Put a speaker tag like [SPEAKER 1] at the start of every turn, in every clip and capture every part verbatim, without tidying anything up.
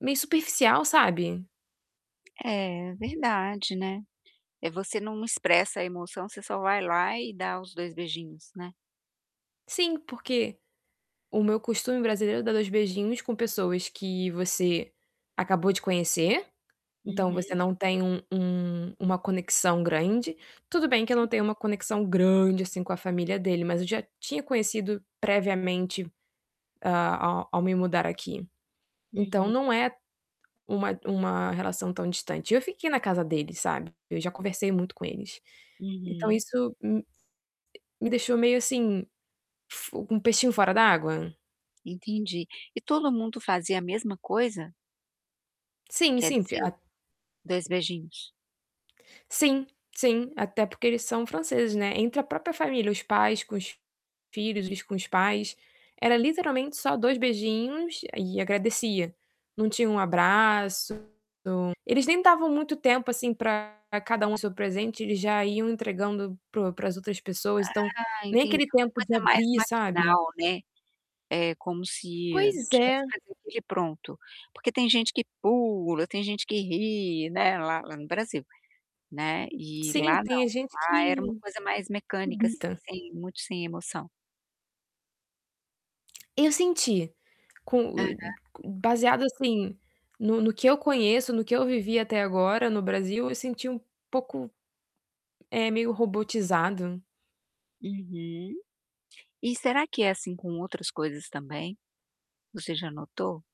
[SPEAKER 1] Meio superficial, sabe?
[SPEAKER 2] É verdade, né. Eh, você não expressa a emoção, você só vai lá e dá os dois beijinhos, né.
[SPEAKER 1] Sim, porque o meu costume brasileiro é dar dois beijinhos com pessoas que você acabou de conhecer, então, você
[SPEAKER 2] Uhum.
[SPEAKER 1] não tem um um uma conexão grande tudo bem que eu não
[SPEAKER 2] Sim.
[SPEAKER 1] tenho uma conexão grande, assim, com a família dele, mas eu já tinha conhecido, previamente, a ao me mudar aqui, então,
[SPEAKER 2] Uhum.
[SPEAKER 1] não é uma uma relação tão distante, eu fiquei na casa deles, sabe, eu já conversei muito com eles, então
[SPEAKER 2] Uhum.
[SPEAKER 1] isso, hum, eh, me deixou meio, assim, f um peixinho fora da água?
[SPEAKER 2] Entendi, e todo mundo fazia a mesma coisa?
[SPEAKER 1] Sim,
[SPEAKER 2] Quer
[SPEAKER 1] sim, porque
[SPEAKER 2] dizer,
[SPEAKER 1] a
[SPEAKER 2] dois beijinhos.
[SPEAKER 1] Sim, sim, até porque eles são franceses, né, entre a própria família, os pais com os filhos e com os pais, era literalmente só dois beijinhos e agradecia, não tinha um abraço, eles nem davam muito tempo, assim, pra cada um o seu presente, eles já iam entregando para o para as outras pessoas, então,
[SPEAKER 2] Ah,
[SPEAKER 1] nem
[SPEAKER 2] entendi,
[SPEAKER 1] aquele
[SPEAKER 2] uma
[SPEAKER 1] tempo de
[SPEAKER 2] coisa mais
[SPEAKER 1] abrir, sabe.
[SPEAKER 2] maquinal, né, é como se
[SPEAKER 1] Pois é.
[SPEAKER 2] tivesse que fazer aquilo e pronto, porque tem gente que pula, tem gente que ri, né, lá lá no Brasil, né, e lá
[SPEAKER 1] Sim, tem
[SPEAKER 2] não,
[SPEAKER 1] a gente
[SPEAKER 2] lá era uma
[SPEAKER 1] que
[SPEAKER 2] coisa mais mecânica, assim,
[SPEAKER 1] pergunta.
[SPEAKER 2] sem muito sem emoção.
[SPEAKER 1] Eu senti, com
[SPEAKER 2] Aham.
[SPEAKER 1] [unintelligible] baseado, assim, no no que eu conheço, no que eu vivi até agora no Brasil, eu senti um pouco, eh, meio robotizado.
[SPEAKER 2] Uhum. E será que é assim com outras coisas também? Você já notou?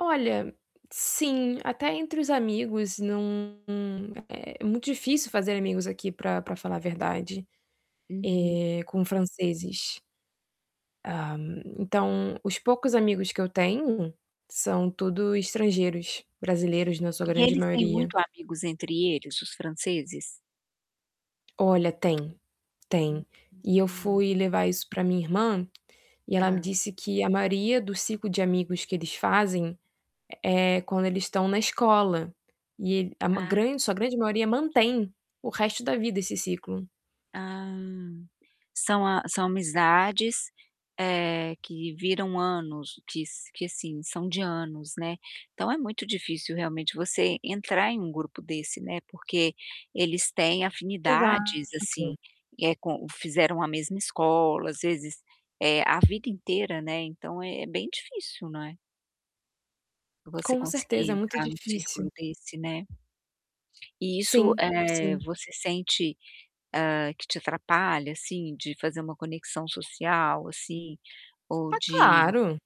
[SPEAKER 1] Olha, sim, até entre os amigos, não é muito difícil fazer amigos aqui pra pra falar a verdade, eh,
[SPEAKER 2] Uhum.
[SPEAKER 1] com franceses. Ah, então, os poucos amigos que eu tenho, são tudo estrangeiros. Brasileiros, na sua
[SPEAKER 2] E
[SPEAKER 1] grande
[SPEAKER 2] eles têm
[SPEAKER 1] maioria.
[SPEAKER 2] muito amigos entre eles, os franceses?
[SPEAKER 1] Olha tem, tem e eu
[SPEAKER 2] [unintelligible]
[SPEAKER 1] fui levar isso pra minha irmã e ela me
[SPEAKER 2] Hã.
[SPEAKER 1] disse que a maioria do ciclo de amigos que eles fazem, é é quando eles estão na escola e ele a ma
[SPEAKER 2] Ah, verdade,
[SPEAKER 1] grande sua grande maioria mantém
[SPEAKER 2] entendi.
[SPEAKER 1] o resto da vida esse ciclo.
[SPEAKER 2] Ah, são a são amizades, eh, que viram anos quis que, assim, são de anos, né, então é muito difícil, realmente, você entrar em grupo desse, né, porque eles têm
[SPEAKER 1] Exato.
[SPEAKER 2] afinidades, assim, e é com fizeram a mesma escola, ás vezes, eh, a vida inteira, né, então, é bem difícil, não é você
[SPEAKER 1] Com
[SPEAKER 2] conseguir
[SPEAKER 1] certeza, é muito
[SPEAKER 2] entrar em um
[SPEAKER 1] difícil.
[SPEAKER 2] círculo desse, né. E isso,
[SPEAKER 1] Sim,
[SPEAKER 2] eh,
[SPEAKER 1] sim.
[SPEAKER 2] você sente, hã, que te atrapalha, assim, de fazer uma conexão social, assim, ou
[SPEAKER 1] Ah,
[SPEAKER 2] de
[SPEAKER 1] claro!